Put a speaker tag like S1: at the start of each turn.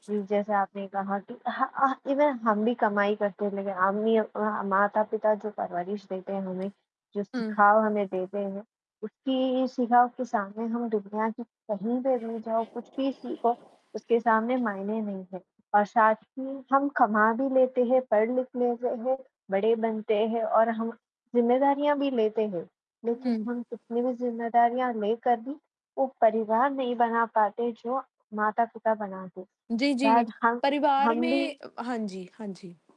S1: जी, जैसे आपने कहा कि हाँ, हाँ, इवन हम भी कमाई करते हैं लेकिन हम नहीं अ, माता-पिता जो परवरिश देते हैं हमें, जो
S2: हुँ।
S1: सिखाव हमें देते हैं, उसकी सिखाव के सामने हम दुनिया की कहीं पे भी जाओ, कुछ भी सीखो, उसके सामने मायने नहीं है। और साथ ही हम कमा भी लेते हैं, पढ़-लिख लेते हैं, बड़े बनते हैं और हम ज़िम्मेदारियाँ भी लेते हैं। लेकिन
S2: हुँ।
S1: हम कितनी भी ज़िम्मेदारियाँ लेकर भी वो परिवार नहीं बना पाते, जो माता-पिता बनाते।
S2: जी, जी,
S1: शायद हम
S2: परिवार
S1: हम भी
S2: में हाँ जी, हाँ जी।